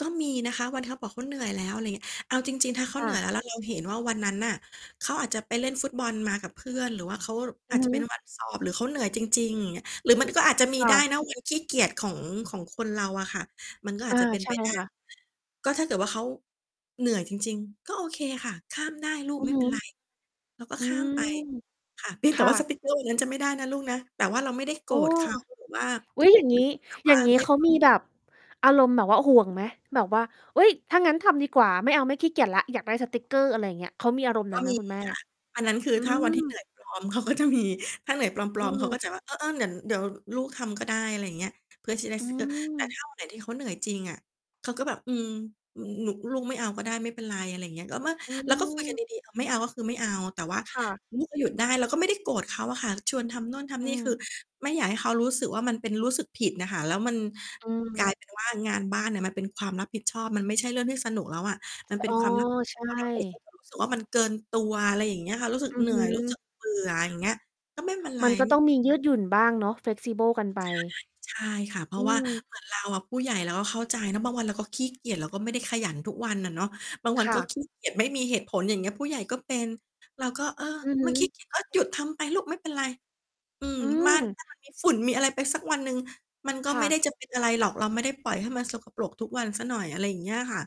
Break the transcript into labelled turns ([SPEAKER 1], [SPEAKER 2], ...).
[SPEAKER 1] ก็มีนะคะ วัน ท เขาบอกเขาเหนื่อยแล้ว อะไรอย่างเงี้ย เอาจริง ๆ ถ้าเขา
[SPEAKER 2] ค
[SPEAKER 1] เ
[SPEAKER 2] ่
[SPEAKER 1] หนื่อย
[SPEAKER 2] ะ
[SPEAKER 1] แล้วเราเห็นว่าวันนั้นน่ะ เขาอาจจะไปเล่นฟุตบอลมากับเพื่อน หรือว่าเขา
[SPEAKER 2] อื
[SPEAKER 1] อา
[SPEAKER 2] อ
[SPEAKER 1] จ
[SPEAKER 2] ฮ
[SPEAKER 1] จะเป็
[SPEAKER 2] ึ
[SPEAKER 1] นวันสอบหรือเขาเหนื่อยจริง ๆ อย่างเงี้ย หรือมันก็อาจจะมี
[SPEAKER 2] ค่
[SPEAKER 1] ได้
[SPEAKER 2] ะ
[SPEAKER 1] นะวันขี้เกียจของ ของคนเราอะค่ะ มันก็อ
[SPEAKER 2] อ
[SPEAKER 1] า
[SPEAKER 2] า
[SPEAKER 1] จจะเป็น
[SPEAKER 2] ใช
[SPEAKER 1] ไ
[SPEAKER 2] ่
[SPEAKER 1] ปได้
[SPEAKER 2] ค่ะ
[SPEAKER 1] ก็ถ้าเกิดว่าเขา เหนื่อยจริง ๆ ก็โอเคค่ะ ข้ามได้ลู
[SPEAKER 2] อ
[SPEAKER 1] ก
[SPEAKER 2] ือ
[SPEAKER 1] ไม่
[SPEAKER 2] ฮึ
[SPEAKER 1] เป็นไร เราก็
[SPEAKER 2] อื
[SPEAKER 1] ข้า
[SPEAKER 2] ม
[SPEAKER 1] ม ไป ค่ะ เพียง
[SPEAKER 2] ค
[SPEAKER 1] แต่
[SPEAKER 2] ่
[SPEAKER 1] ว่าส
[SPEAKER 2] ะ
[SPEAKER 1] ติ๊กเกอร์วันนั้นจะไม่ได้นะลูกนะ แต่ว่าเราไม่ได้โก
[SPEAKER 2] โอ้
[SPEAKER 1] รธ เขาหรือ ว่า
[SPEAKER 2] อุ๊ย อย่างง
[SPEAKER 1] หร
[SPEAKER 2] ี
[SPEAKER 1] ื
[SPEAKER 2] ้
[SPEAKER 1] อแบบ
[SPEAKER 2] อย
[SPEAKER 1] ว
[SPEAKER 2] ่
[SPEAKER 1] ่
[SPEAKER 2] า
[SPEAKER 1] า
[SPEAKER 2] งงี้
[SPEAKER 1] ไม่
[SPEAKER 2] เขามีแบบ อารมณ์แบบว่า ห่วงไหมแบบว่า "เฮ้ย ถ้างั้นทำดีกว่าไม่เอาไม่ขี้เกียจแล้ว อยากได้สติ๊กเกอร์" อะไรอย่างเงี้ย เขามีอารมณ์น
[SPEAKER 1] ก
[SPEAKER 2] ั
[SPEAKER 1] ็
[SPEAKER 2] ้นไหม
[SPEAKER 1] มี
[SPEAKER 2] คุณ
[SPEAKER 1] ค
[SPEAKER 2] แ
[SPEAKER 1] ่
[SPEAKER 2] ม่?
[SPEAKER 1] ะ อันนั้นคือ
[SPEAKER 2] อื
[SPEAKER 1] ถ้าวันที่ เหน
[SPEAKER 2] ม
[SPEAKER 1] ื่อยปลอม เขาก็จะมี ถ้าเหนื่อยปล
[SPEAKER 2] อื
[SPEAKER 1] อม ๆ เขา
[SPEAKER 2] ม
[SPEAKER 1] ก็จะว่า "เออ ๆ เดี๋ยว เดี๋ยวลูกทำก็ได้" อะไรอย่างเงี้ย เพื่อจะได้
[SPEAKER 2] อื
[SPEAKER 1] สติ๊กเกอร์ แต่
[SPEAKER 2] ม
[SPEAKER 1] ถ้า วันไหน ที่เขาเหนื่อยจริงอะ เขาก็แบบ "อืม หนู ลูกไม่เอาก็ได้ไม่เป็นไร" อะไรเงี้ย แล้วเมื่อ
[SPEAKER 2] อื
[SPEAKER 1] แล้วก็คุยกัน
[SPEAKER 2] ม
[SPEAKER 1] ดี ๆ อา ไม่เอาก็คือไม่เอา แต่ว่า
[SPEAKER 2] ค่ะ
[SPEAKER 1] ลูก ก็หยุดได้เราก็ไม่ได้โกรธเขาอะค่ะ ชวนทำโน่นท
[SPEAKER 2] อ
[SPEAKER 1] ำนี
[SPEAKER 2] ื
[SPEAKER 1] ่ คื
[SPEAKER 2] ม
[SPEAKER 1] อไม่อยากให้เขารู้สึกว่า มันเป็น รู้สึกผิดน่ะค่ะ แล้วมัน
[SPEAKER 2] อื
[SPEAKER 1] กลาย
[SPEAKER 2] ม
[SPEAKER 1] เป็นว่างานบ้านน่ะ มันเป็นความรับผิดชอบมันไม่ใช่เรื่องที่สนุกแล้วอะ มัน
[SPEAKER 2] ส
[SPEAKER 1] เป็
[SPEAKER 2] อ
[SPEAKER 1] น
[SPEAKER 2] ๋อ
[SPEAKER 1] ความรับผิด
[SPEAKER 2] ใช
[SPEAKER 1] ชอบ แล้วเด็กเข
[SPEAKER 2] ่
[SPEAKER 1] าจะรู้สึกว่า มันเกินตัว อะไรอย่างเงี้ยค่ะ รู้สึก
[SPEAKER 2] อือ
[SPEAKER 1] เหนื
[SPEAKER 2] ฮ
[SPEAKER 1] ่อย รู้ส
[SPEAKER 2] ึ
[SPEAKER 1] ึกเบื่อ อะไรอย่างเงี้ย ก็ไม่เป็นไร
[SPEAKER 2] มันก็
[SPEAKER 1] ไม
[SPEAKER 2] ต
[SPEAKER 1] ่
[SPEAKER 2] ้องมียืดหยุ่นบ้างเนาะ Flexible กันไป
[SPEAKER 1] ใช่ ใช่ค่ะ เพร
[SPEAKER 2] อ
[SPEAKER 1] า
[SPEAKER 2] ื
[SPEAKER 1] ะว่า
[SPEAKER 2] อ
[SPEAKER 1] เหมือนเราอะ ผู้ใหญ่เราก็เข้าใจเนาะ บางวันเราก็ขี้เกียจ เราก็ไม่ได้ขยันทุกวันอะเนาะ บางวั
[SPEAKER 2] ค
[SPEAKER 1] น
[SPEAKER 2] ่
[SPEAKER 1] ก็
[SPEAKER 2] ะ
[SPEAKER 1] ขี้เกียจ ไม่มีเหตุผล อย่างเงี้ย ผู้ใหญ่ก็เป็น เราก็ เออ
[SPEAKER 2] อือฮ
[SPEAKER 1] มัน ข
[SPEAKER 2] ึ
[SPEAKER 1] ี้เกียจ ก็หยุดทำไปลูกไม่เป็นไร อืม
[SPEAKER 2] อื
[SPEAKER 1] บ้าน
[SPEAKER 2] ม
[SPEAKER 1] ให้มันมี ฝุ่นมีอะไรไปสักวันหนึ่ง มันก็
[SPEAKER 2] ค่
[SPEAKER 1] ไม่
[SPEAKER 2] ะ
[SPEAKER 1] ได้จะเป็นอะไรหรอก เราไม่ได้ปล่อยให้มันสกปรกทุกวันเสียหน่อย อะไรอย่างเงี้ยอะค่ะ